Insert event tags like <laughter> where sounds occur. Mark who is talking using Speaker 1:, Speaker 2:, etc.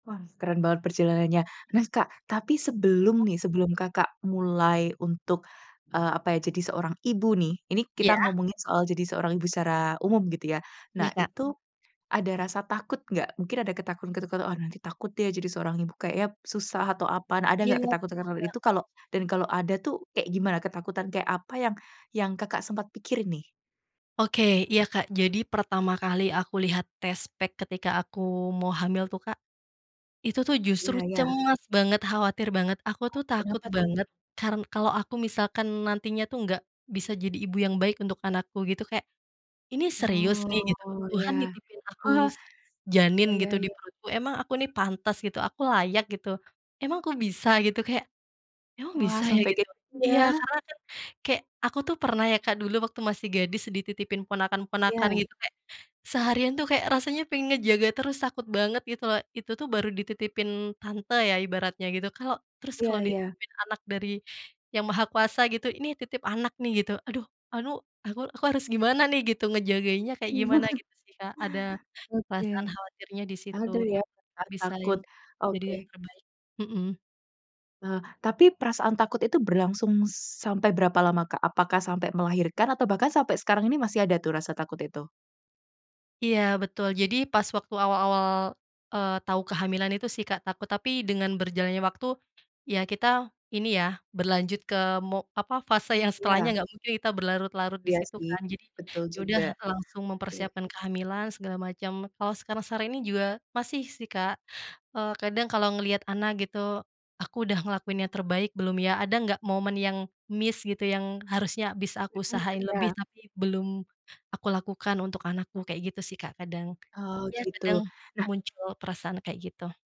Speaker 1: Wah, keren banget perjalanannya. Terus, Kak tapi sebelum
Speaker 2: Mhm.
Speaker 1: nih, sebelum Kakak mulai untuk, eee, apa ya jadi seorang ibu nih, ini kita
Speaker 2: Iya.
Speaker 1: ngomongin soal jadi seorang ibu secara umum gitu ya.
Speaker 2: Iya,
Speaker 1: Nah
Speaker 2: Kak.
Speaker 1: itu ada rasa takut nggak? Mungkin ada ketakutan-ketakutan, "Oh, nanti takut deh jadi seorang ibu kayaknya susah," atau apaan ada
Speaker 2: Iya,
Speaker 1: nggak-nggak
Speaker 2: betul,
Speaker 1: ketakutan-ketakutan
Speaker 2: Kak,
Speaker 1: itu kalau dan kalau ada tuh kayak gimana ketakutan kayak apa yang yang Kakak sempat pikirin nih?
Speaker 2: Oke, iya, Kak, jadi pertama kali aku lihat test pack ketika aku mau hamil tuh, Kak. Itu tuh justru
Speaker 1: Iya iya.
Speaker 2: cemas banget, khawatir banget aku tuh
Speaker 1: Aduh,
Speaker 2: takut
Speaker 1: kenapa tuh?
Speaker 2: banget karen kalau aku misalkan nantinya tuh nggak bisa jadi ibu yang baik untuk anakku gitu kayak, "Ini serius nih?" gitu,
Speaker 1: Oh, iya.
Speaker 2: "Tuhan nitipin aku
Speaker 1: Oh
Speaker 2: janin
Speaker 1: oh, iya
Speaker 2: gitu di
Speaker 1: iya.
Speaker 2: perutku? Emang aku nih pantas gitu? Aku layak gitu? Emang kok bisa?" gitu, kayak, "Emang
Speaker 1: Wah,
Speaker 2: bisa ya?"
Speaker 1: sampe
Speaker 2: Gitu.
Speaker 1: kayak gitu
Speaker 2: Iya
Speaker 1: ya.
Speaker 2: karena kan kayak aku tuh pernah ya, Kak, dulu waktu masih gadis dititipin ponakan-ponakan
Speaker 1: Iya.
Speaker 2: gitu kayak seharian tuh kayak rasanya aku yang ngejaga terus takut banget gitu loh. Itu tuh baru dititipin tante ya ibaratnya gitu, kalo terus kalau
Speaker 1: Iya iya.
Speaker 2: dititipin anak dari Yang Maha Kuasa gitu, "Ini titip anak nih," gitu aduh, "Alu aku aku harus gimana nih gitu ngejagainnya kayak gimana?"
Speaker 1: <chuckles>
Speaker 2: Gitu sih, Kak. Ada
Speaker 1: Oke.
Speaker 2: perasaan khawatirnya di situ,
Speaker 1: Ada ya,
Speaker 2: tak
Speaker 1: benar
Speaker 2: bisa lin
Speaker 1: takut.
Speaker 2: jadi yang
Speaker 1: Oke.
Speaker 2: terbaik, hmm.
Speaker 1: Nah, tapi perasaan takut itu berlangsung sampai berapa lama, Kak? Apakah sampai melahirkan atau bahkan sampai sekarang ini masih ada tuh rasa takut itu?
Speaker 2: Iya betul, jadi pas waktu awal-awal, eee, tau kehamilan itu sih, Kak, takut tapi dengan berjalannya waktu, ya kita ini ya berlanjut ke mo apa, fase yang
Speaker 1: Iya.
Speaker 2: setelahnya, nggak mungkin kita berlarut-larut di
Speaker 1: Iya
Speaker 2: situ
Speaker 1: sih,
Speaker 2: kan? Jadi
Speaker 1: betul
Speaker 2: ya udah
Speaker 1: juga.
Speaker 2: langsung
Speaker 1: Iya.
Speaker 2: mempersiapkan kehamilan segala macem. Kalau sekarang-sekarang ini juga masih sih, Kak, eee, kadang kalau ngelihat anak gitu, "Aku udah ngelakuin yang terbaik belum ya? Ada nggak momen yang missed gitu, yang harusnya bisa aku
Speaker 1: Hmm,
Speaker 2: usahain lebih
Speaker 1: iya.
Speaker 2: tapi belum aku lakukan untuk anakku?" kayak gitu sih, Kak, kadang.
Speaker 1: Oh
Speaker 2: Ya
Speaker 1: gitu,
Speaker 2: kadang
Speaker 1: nah
Speaker 2: muncul perasaan kayak gitu.